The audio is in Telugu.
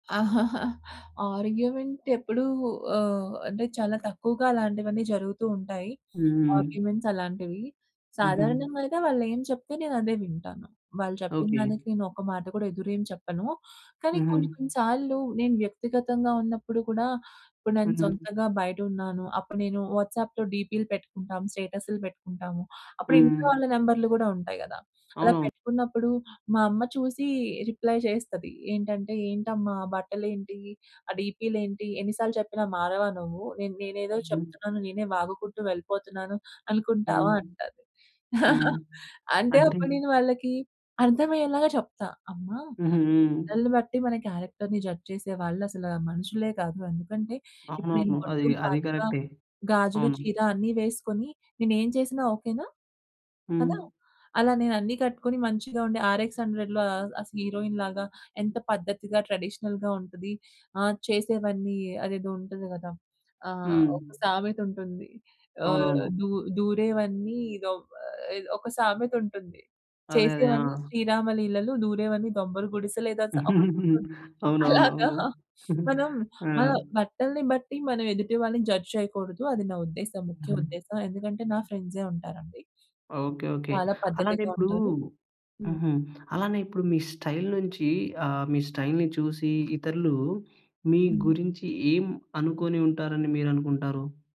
ఆర్గ్యుమెంట్ ఎప్పుడు ఆహ్, అంటే చాలా తక్కువగా అలాంటివన్నీ జరుగుతూ ఉంటాయి. హ్మ్. ఆర్గ్యుమెంట్స్ అలాంటివి. హుహు. సాధారణంగా అయితే వాళ్ళేం చెప్తే నేనదే వింటాను. వాళ్ళు ఓకే. చెప్పిందానికి నేనొక మాట కూడా ఎదురెం చెప్పను. కానీ కొన్ని, హుహు. కొన్ని సార్లు నేను వ్యక్తిగతంగా ఉన్నప్పుడు కూడా నేను ఇపుడు నేను హుహు. సొంతంగా బయటున్నాను. అప్పుడు నేను వాట్సాప్‌లో డీపీ‌లు పెట్టుకుంటాము. స్టేటసులు పెట్టుకుంటాము. అప్పుడు ఇంట్లో హ్మ్. వాళ్ళ నంబర్లు కూడా ఉంటాయి గదా! అలా అవునవును. పెట్టుకున్నప్పుడు మా అమ్మ చూసి రిప్లై చేస్తది. ఏంటంటే, "ఏంటమ్మా! ఆ బట్టలేంటి, ఆ డీపీలేంటి, ఎన్ని సార్లు చెప్పినా మారవా నువ్వు. నే నేనేదో హ్మ్. చెప్తున్నాను, నేనే వాగుకుంటూ వెళ్ళిపోతున్నాను అనుకుంటావా" హ్మ్. అంటాది. హ్మ్. అంటే అంటే? అప్పుడు నేను వాళ్ళకి అర్థం అయ్యేలాగా చెప్తా. అమ్మ హుహు. హ్మ్. బట్టల్ని బట్టి మన క్యారెక్టర్‌ని జడ్జ్ చేసే వాళ్ళు అసల మనుషులే కాదు. ఎందుకంటే ఇప్పుడు నేను అవునవును. అది బొట్టు, అది కాటుక, కరెక్టే. గాజులు, అవును. చీర అన్ని వేసుకొని నేనేం చేసినా ఓకేనా. కదా! హ్మ్. అలా నేనన్ని కట్టుకొని మంచిగా ఉండి 'ఆర్ ఎక్స్ హండ్రెడ్‌లో' అస్ హీరోయిన్ లాగా ఎంత పద్ధతిగా, ట్రెడిషనల్‌గా ఉంటది. ఆది చేసేవన్నీ అదేదో ఉంటది గదా! ఆహ్, హ్మ్. ఒక సామెత ఉంటుంది. ఆహ్ అవునవును. దు దూరేవన్నీ ఇదో ఒక సామెతుంటుంది. అదే. అదే. ఆ! చేసేవన్నీ శ్రీరామ లీలలు దూరేవన్నీ దొంబల గుడిసె లేదా సా ఒకటుంటుంది. అవునవును. అలాగా అవును. మనం ఆ! మన బట్టల్ని బట్టి మనం ఎదుటి వాళ్ళని జడ్జ్ చేయకూడదు. అది నా ఉద్దేశం ముఖ్య హుహు. ఉద్దేశం. ఎందుకంటే నా ఫ్రెండ్సే ఉంటారండి. Okay okay. చాలా అలానే పద్ధతిగా ఇప్పుడు ఉంటారు. హ్మ్. హుహు. అలానే ఇప్పుడు మీ స్టైల్ నుంచి ఆహ్, మీ స్టైల్‌ని చూసి ఇతరులు మీ హ్మ్. గురించి ఏం అనుకుని ఉంటారని మీరనుకుంటారు?